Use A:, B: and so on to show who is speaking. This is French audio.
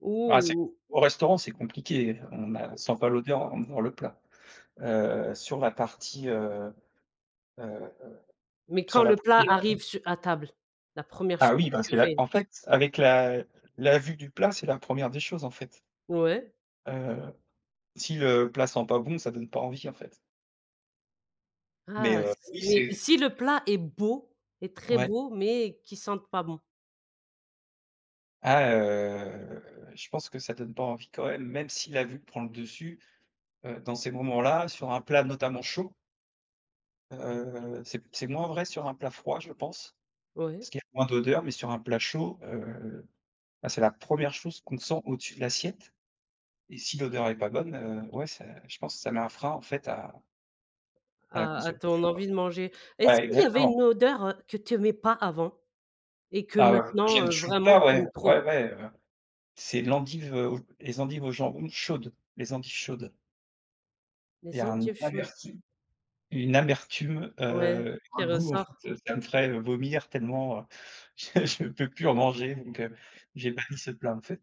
A: Ou
B: Ah c'est com
A: ou
B: au restaurant c'est compliqué, heu, on a sent pas l'odeur avant de voir le plat. Heu, sur la partie, heu, heu,
A: Mais,
B: sur
A: quand
B: la
A: le plat
B: partie la pri
A: arrive su à table, la 1re
B: Ah
A: chose
B: oui,
A: que
B: parce
A: tu
B: que là,
A: fais?
B: en
A: Tu
B: fait, avec la la vue du plat, c'est la 1re des choses, en fait.
A: Ouais.
B: Heu, si le plat sent pas bon, ça donne pas envie, en fait.
A: Ah!
B: Mais,
A: Ç
B: heu,
A: ç
B: oui,
A: mais
B: c'est
A: si le plat est beau, est très
B: Ouais.
A: beau, mais, qu'il sente pas bon?
B: Ah, heu, je pense que ça donne pas envie, quand même. Même si la vue prend le dessus, heu, dans ces moments-là, sur un plat notamment chaud heu, c'est p c'est moins vrai sur un plat froid je pense,
A: Ouais.
B: parce qu'il y a moins d'odeur, mais sur un plat chaud, heu, bah, c'est la 1re chose qu'on sent au-dessus de l'assiette et si l'odeur est pas bonne, heu, ouais c'est je pense, ça met un frein en fait à à la
A: À à ton
B: consommation, quoi.
A: envie de manger. Est-ce
B: Ouais,
A: qu'il y avait
B: exactement.
A: une odeur, heu, que tu aimais pas avant et que
B: Ah bah, heu, heu
A: maintenant,
B: j'aime
A: heu,
B: toujours
A: vraiment
B: pas,
A: tu
B: ouais,
A: aimes trop?
B: ouais, ouais, heu, c'est l'endive au les endives au jambon, chaudes, les endives chaudes. Il y
A: Les
B: a un
A: endives chaudes.
B: amertume une amertume,
A: Ouais,
B: heu,
A: qui
B: un goût en
A: ressort?
B: fait, ça me ferait, heu, vomir tellement, heu, je je peux plus en manger, donc, heu, j'ai banni ce plat en fait.